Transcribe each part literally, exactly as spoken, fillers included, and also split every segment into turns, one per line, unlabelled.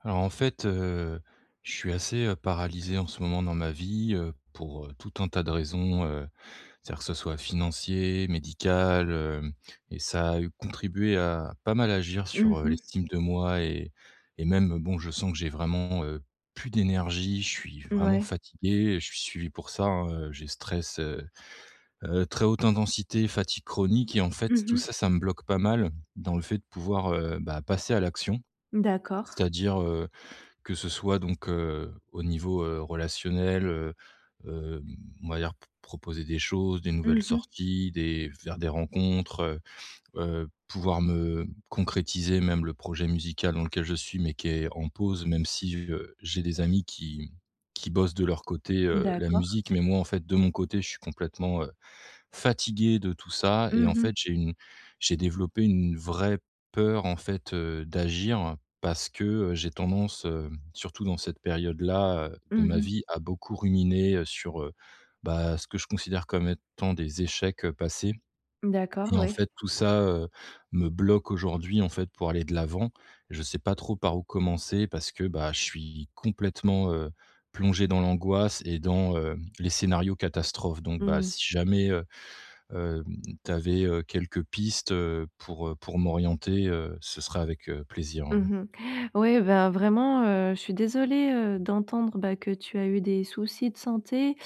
Alors en fait, heu, je suis assez, heu, paralysé en ce moment dans ma vie, heu, pour, heu, tout un tas de raisons, heu, c'est-à-dire que ce soit financier, médical, heu, et ça a eu contribué à, heu, pas mal agir
Mmh
sur, heu,
mh.
l'estime de moi et et même, bon, je sens que j'ai vraiment, heu, plus d'énergie, je suis vraiment
Mouais.
fatigué, et je suis suivi pour ça, hein, heu, j'ai stress heu, heu, très haute intensité, fatigue chronique et en fait,
Mmh
tout
mh.
ça, ça me bloque pas mal, dans le fait de pouvoir, heu, bah passer à l'action.
D'accord.
C'est-à-dire, heu, que ce soit donc heu, au niveau, heu, relationnel, heu, hem, on va dire p proposer des choses, des nouvelles
Mmh mh.
sorties, des faire des rencontres, heu heu, pouvoir me concrétiser même le projet musical dans lequel je suis, mais qui est en pause même si heu, j'ai des amis qui qui bossent de leur côté, heu, la
D'accord.
musique, mais moi en fait de mon côté, je suis complètement, heu, fatigué de tout ça. Et
Mmh
en
mh.
fait j'ai une j'ai développé une vraie peur en fait, heu, d'agir, parce que, heu, j'ai tendance, hem, surtout dans cette période-là, heu, de
Mmh
ma
mh.
vie à beaucoup ruminer, heu, sur heu, bah, ce que je considère comme étant des échecs, heu, passés.
D'accord,
Et en
oui.
fait tout ça, heu, me bloque aujourd'hui en fait pour aller de l'avant, je sais pas trop par où commencer parce que, bah je suis complètement, heu, plongé dans l'angoisse et dans, heu, les scénarios catastrophes donc bah,
Mmh.
si jamais, heu, hem, tu avais, heu, quelques pistes, heu, pour, heu, pour m'orienter heu, ce sera avec, heu, plaisir.
Mmh mh, ouais, ben vraiment, heu, je suis désolée, heu, d'entendre, bah, que tu as eu des soucis de santé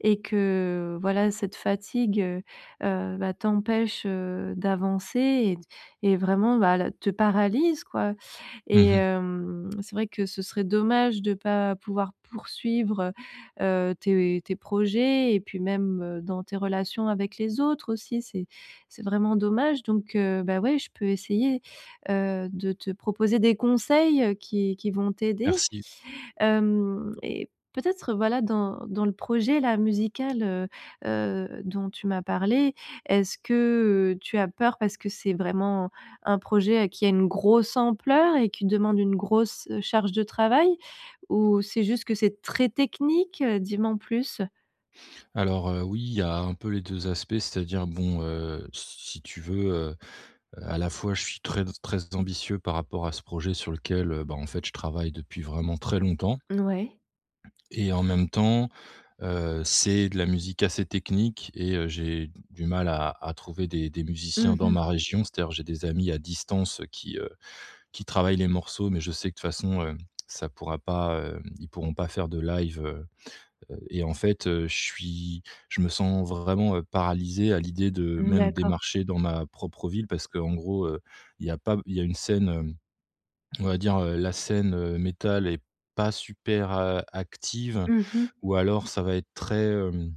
et que, heu, voilà, cette fatigue, heu heu, bah, t'empêche, heu, d'avancer et d et vraiment, bah, le te paralyse, quoi.
Mmh
Et
mh.
hem, c'est vrai que ce serait dommage, de pas pouvoir poursuivre, heu heu, tes tes projets et puis même, heu, dans tes relations avec les autres aussi, c'est c'est vraiment dommage. Donc, heu, bah, ouais, je peux essayer, heu, de te proposer des conseils, heu, qui qui vont t'aider.
Merci.
Hem et peut-être heu, voilà dans dans le projet là musical, heu heu, dont tu m'as parlé. Est-ce que, heu, tu as peur parce que c'est vraiment, un projet qui a une grosse ampleur et qui demande une grosse charge de travail ou c'est juste que c'est très technique? Dis m'en plus.
Alors, heu, oui il y a un peu les deux aspects, c'est-à-dire bon, heu, si tu veux, heu, à la fois, je suis très très ambitieux par rapport à ce projet sur lequel, heu, bah en fait je travaille depuis vraiment très longtemps.
Ouais.
Et en même temps, heu, c'est de la musique assez technique et heu, j'ai du mal à à trouver des des musiciens
Mmh
dans
mh.
ma région. C'est-à-dire, j'ai des amis à distance qui, heu, qui travaillent les morceaux, mais je sais que de toute façon, hem, ça pourra pas, hem, ils pourront pas faire de live, heu heu, et en fait heu, je suis je me sens vraiment, heu, paralysé à l'idée de
Mmh,
même
d'accord.
démarcher dans ma propre ville. Parce qu'en gros, heu, il y a pas b il y a une scène, hem, on va dire, heu, la scène, heu, métal est pas super, heu, active
Mmh mh.
ou alors ça va être très, hem,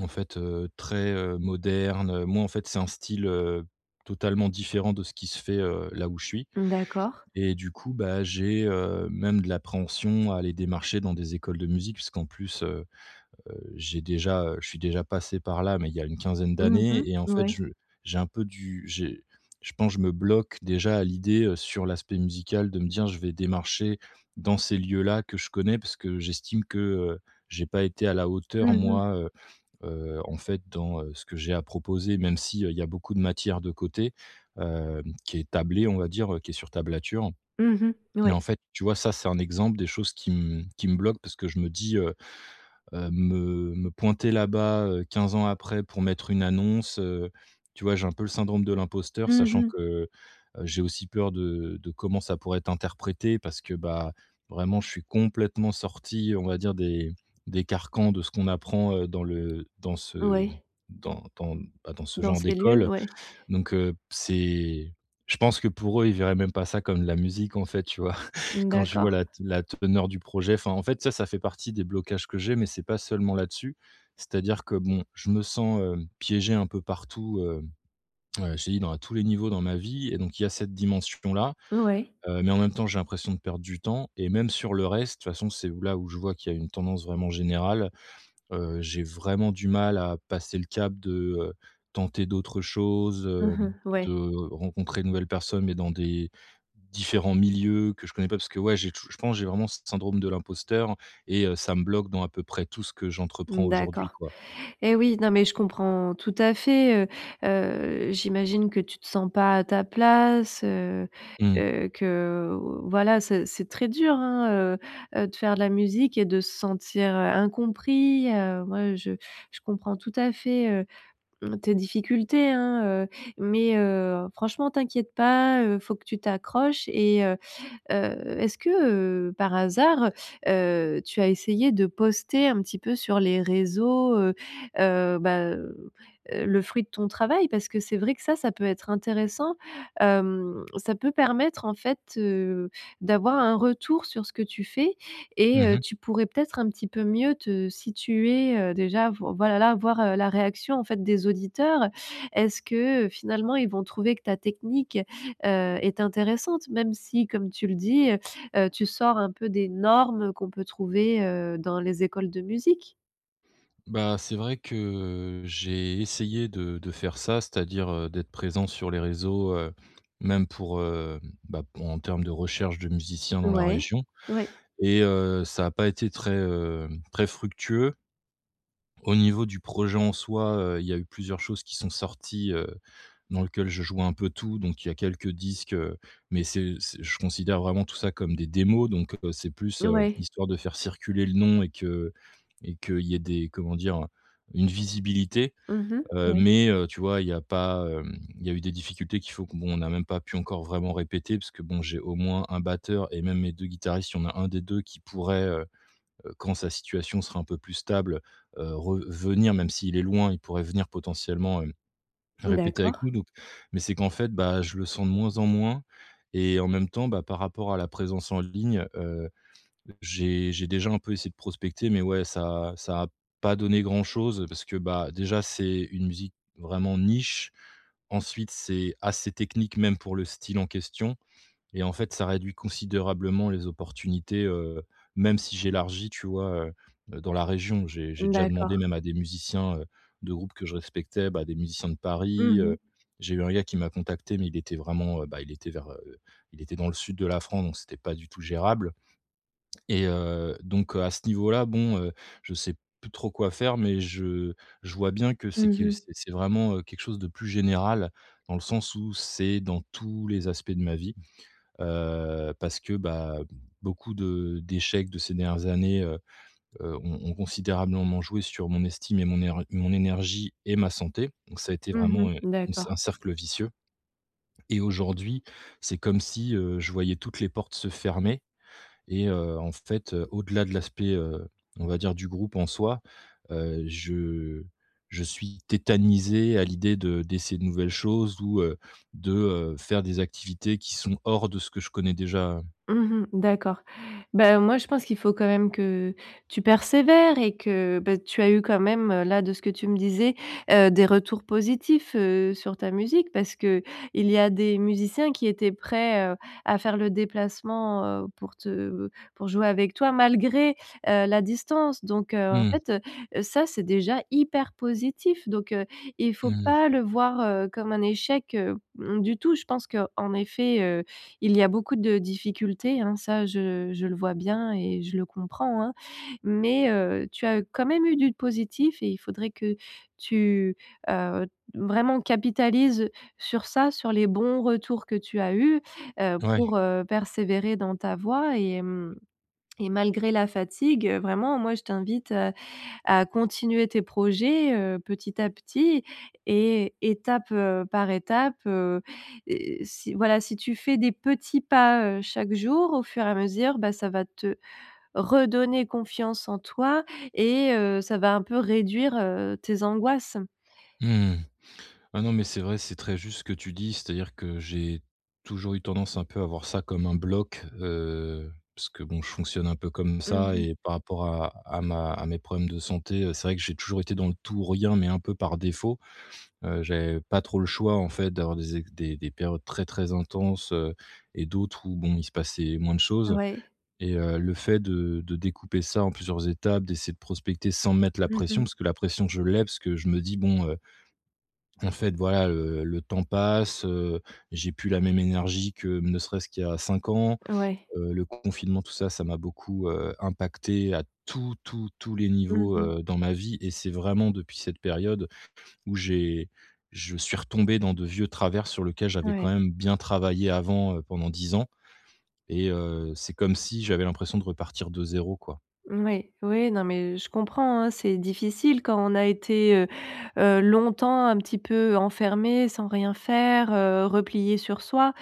en fait, heu, très, heu, moderne. Moi, en fait, c'est un style, heu, totalement différent de ce qui se fait, heu, là où je suis.
D'accord.
Et du coup, bah j'ai, heu, même de l'appréhension à aller démarcher dans des écoles de musique. Puisqu'en plus, heu heu, j'ai déjà heu je suis déjà passé par là mais il y a une quinzaine
Mmh mh.
d'années. Et en fait,
Ouais.
je j'ai un peu du j'ai je pense, je me bloque déjà à l'idée sur l'aspect musical de me dire, je vais démarcher dans ces lieux là, que je connais, parce que j'estime que, heu, j'ai pas été à la hauteur
Mmh mh.
moi, heu heu, en fait dans ce que j'ai à proposer même s'il y a beaucoup de matière de côté, hem, qui est tablée, on va dire, qui est sur tablature.
Mmh mh.
Mais
Ouais.
en fait, tu vois, ça c'est un exemple des choses qui me qui me bloque parce que je me dis, heu heu, me me pointer là-bas, heu, quinze ans après pour mettre une annonce, heu. Tu vois, j'ai un peu le syndrome de l'imposteur
Mmh
sachant
Mh.
que, j'ai aussi peur de de comment ça pourrait être interprété parce que, bah vraiment, je suis complètement sorti on va dire des des carcans de ce qu'on apprend dans le dans ce
Ouais.
dans dans, bah dans ce
Dans
genre
ces lieux,
d'école.
ouais.
Donc heu, c'est je pense que pour eux, ils verraient même pas ça comme la musique, en fait. Tu vois? Quand je vois
D'accord.
la te la teneur du projet, enfin en fait ça, ça fait partie des blocages que j'ai mais c'est pas seulement là-dessus, c'est-à-dire que bon, je me sens, hem, piégé un peu partout hem. Heu, je te dis dans à tous les niveaux dans ma vie et donc il y a cette dimension là,
Ouais.
heu, mais en même temps j'ai l'impression de perdre du temps et même sur le reste, de toute façon, c'est là où je vois qu'il y a une tendance vraiment générale. Heu, j'ai vraiment du mal à passer le cap de, heu, tenter d'autres choses,
Mmh
hem,
mh. Ouais.
de rencontrer de nouvelles personnes, mais dans des différents milieux que je connais pas parce que, ouais, j'ai touj je pense, j'ai vraiment ce syndrome de l'imposteur et heu, ça me bloque dans à peu près tout ce que j'entreprends aujourd'hui,
D'accord.
quoi.
Et oui, non, mais je comprends tout à fait, heu. Heu, j'imagine que tu te sens pas à ta place, heu,
Mmh.
que que voilà, ce c'est très dur, hein, heu heu, de faire de la musique et de se sentir, heu, incompris, heu. Moi, je je comprends tout à fait, heu, tes difficultés, hein, heu, mais heu, franchement t'inquiète pas, heu, faut que tu t'accroches. Et heu, heu, est-ce que, heu, par hasard, heu, tu as essayé de poster un petit peu sur les réseaux, heu heu, bah, heu, heu, le fruit de ton travail parce que c'est vrai que ça, ça peut être intéressant. Hem, ça peut permettre en fait, heu, d'avoir un retour sur ce que tu fais
Mmh
et, heu,
mh.
tu pourrais peut-être un peu mieux te situer, heu, déjà voi voilà, là, voir la réaction, en fait, des auditeurs. Est-ce que, heu, finalement ils vont trouver que ta technique, heu, est intéressante même si comme tu le dis, heu heu, tu sors un peu des normes qu'on peut trouver, heu, dans les écoles de musique?
Ben, c'est vrai que j'ai essayé de de faire ça, c'est-à-dire, heu, d'être présent sur les réseaux, heu, même pour, heu, bah, p en termes de recherche de musiciens dans la
Ouais,
région
ouais.
et, heu, ça a pas été très, hem, très fructueux. Au niveau du projet en soi, heu, il y a eu plusieurs choses qui sont sorties, heu, dans lequel je joue un peu tout. Donc il y a quelques disques, heu, mais c'est c'est je considère vraiment tout ça comme des démos donc, heu, c'est plus, heu,
Ouais.
histoire de faire circuler le nom et que et qu'il y ait des, comment dire? Une visibilité,
Mmh mh,
heu,
ouais.
mais, heu, tu vois, il y a pas, hem, il y a eu des difficultés qu'il faut que bon, on n'a même pas pu encore vraiment répéter puisque bon, j'ai au moins un batteur et même mes deux guitaristes, il y en un des deux qui pourrait heu, heu, quand sa situation sera un peu plus stable, heu, re venir même s'il est loin. Il pourrait venir potentiellement, hem, répéter avec
D'accord.
nous donc mais c'est qu'en fait, bah, je le sens de moins en moins et en même temps, bah, par rapport à la présence en ligne, heu, j'ai j'ai déjà un peu essayé de prospecter, mais ouais, ça ça a pas donné grand-chose parce que, bah, déjà, c'est une musique vraiment niche. Ensuite, c'est assez technique même pour le style en question et en fait ça réduit considérablement les opportunités, heu, même si j'élargis tu vois, heu, dans la région. J'ai j'ai déjà demandé
D'accord.
même à des musiciens, heu, de groupes que je respectais, bah, des musiciens de
Mmh
Paris, heu,
mh.
j'ai eu un gars qui m'a contacté mais il était vraiment, heu, bah, il était vers, heu il était dans le sud de la France donc c'était pas du tout gérable. Et, heu, donc, heu, à ce niveau-là, bon, heu, je sais plus trop quoi faire mais je je vois bien que c'est
Mmh
que c'est
mh.
c'est vraiment, heu, quelque chose de plus général. Dans le sens où c'est dans tous les aspects de ma vie, heu, parce que, bah, beaucoup de d'échecs de ces dernières années, heu, heu, ont ont considérablement joué sur mon estime et mon er mon énergie et ma santé. Donc ça a été
Mmh
vraiment, heu,
mh.
une c
D'accord.
un cercle vicieux et aujourd'hui c'est comme si, heu, je voyais toutes les portes se fermer et, heu, en fait, heu, au-delà de l'aspect, heu, on va dire, du groupe en soi, heu, je je suis tétanisé à l'idée de d'essayer de nouvelles choses ou, heu, de, heu, faire des activités qui sont hors de ce que je connais déjà, heu.
Mmh mh. D'accord. Bah, moi, je pense qu'il faut quand même que tu persévères et que, bah tu as eu quand même, là de ce que tu me disais, heu, des retours positifs, heu, sur ta musique parce qu'il y a des musiciens qui étaient prêts, heu, à faire le déplacement, heu, pour te heu, pour jouer avec toi malgré, heu, la distance. Donc, heu, en
Mmh.
fait, heu, ça c'est déjà hyper positif, donc, heu, il faut
Mmh.
pas le voir, heu, comme un échec, heu, mmh, du tout. Je pense qu'en effet, heu, il y a beaucoup de difficultés, hein, ça je je le vois bien et je le comprends, hein. Mais, heu, tu as quand même eu du positif et il faudrait que tu, heu, vraiment capitalises sur ça, sur les bons retours que tu as eus, heu,
Ouais.
pour, heu, persévérer dans ta voie et, mmh, et malgré la fatigue, vraiment moi je t'invite, heu, à continuer tes projets, heu, petit à petit et étape, heu, par étape. Heu, et si voilà, si tu fais des petits pas, heu, chaque jour au fur et à mesure, bah, ça va te redonner confiance en toi et, heu, ça va un peu réduire, heu, tes angoisses.
Mmh. Bah, non mais c'est vrai c'est très juste ce que tu dis. C'est-à-dire que j'ai toujours eu tendance un peu à voir ça comme un bloc, heu, parce que bon, je fonctionne un peu comme
Mmh
ça
mh.
et par rapport à à ma à mes problèmes de santé, heu, c'est vrai que j'ai toujours été dans le tout ou rien, mais un peu par défaut, heu. J'avais pas trop le choix en fait d'avoir des é des des périodes très, très intenses, heu, et d'autres où bon, il se passait moins de choses.
Ouais.
Et, heu, le fait de de découper ça en plusieurs étapes, d'essayer de prospecter sans me mettre la
Mmh
pression
mh.
parce que la pression, je l'ai parce que je me dis: «Bon, heu, en fait, voilà, heu, le temps passe, heu, j'ai plus la même énergie que ne serait-ce qu'il y a cinq ans»,
Ouais.
heu, le confinement, tout ça, ça m'a beaucoup, heu, impacté à tous, tous, tous les
Mmh
niveaux,
mh.
heu, dans ma vie et c'est vraiment depuis cette période où j'ai je suis retombé dans de vieux travers sur lequel j'avais quand
Ouais.
même bien travaillé avant, heu, pendant dix ans et, heu, c'est comme si j'avais l'impression de repartir de zéro quoi.
Oui. Oui, oui non, mais je comprends, hein. C'est difficile quand on a été, heu, heu, longtemps un petit peu enfermé sans rien faire, heu, replié sur soi.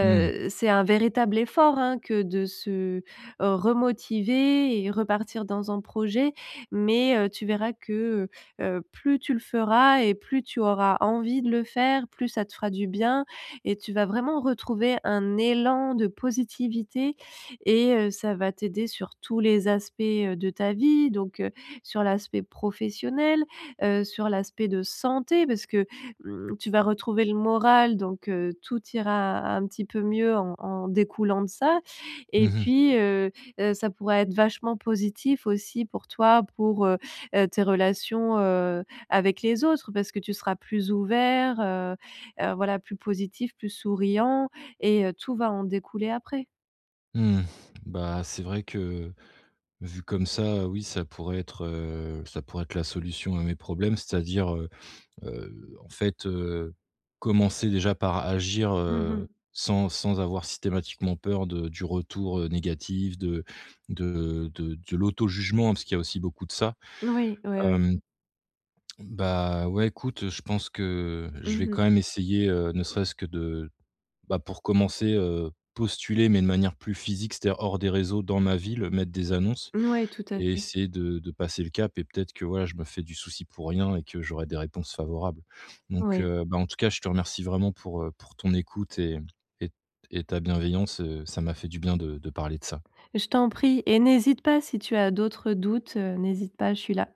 Mmh.
c'est un véritable effort, hein, que de se remotiver et repartir dans un projet. Mais, heu, tu verras que, heu, heu plus tu le feras et plus tu auras envie de le faire, plus ça te fera du bien et tu vas vraiment retrouver un élan de positivité et, heu, ça va t'aider sur tous les aspects, heu, de ta vie, donc, heu, sur l'aspect professionnel, heu, sur l'aspect de santé parce que, mmh, tu vas retrouver le moral, donc, heu, tout ira un petit peu mieux en en découlant de ça.
Mmh
Et
mh.
puis, heu, heu, ça pourrait être vachement positif aussi pour toi, pour, heu, heu, tes relations, heu, avec les autres, parce que tu seras plus ouvert, heu, heu, voilà plus positif, plus souriant et, heu, tout va en découler après.
Mmh. Bah, c'est vrai que vu, comme ça, oui, ça pourrait être, heu, ça pourrait être la solution à mes problèmes. C'est-à-dire, heu, heu, en fait, heu, commencer déjà par agir,
Mmh
heu,
mh.
sans sans avoir systématiquement peur de du retour, heu, négatif de de de de l'auto-jugement, parce qu'il y a aussi beaucoup de ça.
Oui, oui, oui.
Hem, bah, ouais, écoute, heu, je pense que je vais
Mmh mh.
quand même essayer, heu, ne serait-ce que de, bah, pour commencer, heu, postuler mais de manière plus physique. C'est à dire, hors des réseaux dans ma ville, mettre des annonces
Ouais, tout à
et
fait.
essayer de de passer le cap et peut-être que voilà, je me fais du souci pour rien et que j'aurais des réponses favorables. Donc,
Oui.
heu, ben, en tout cas je te remercie vraiment pour, heu, pour ton écoute et et et ta bienveillance, heu, ça m'a fait du bien de de parler de ça.
Je t'en prie et n'hésite pas si tu as d'autres doutes, heu, n'hésite pas, je suis là.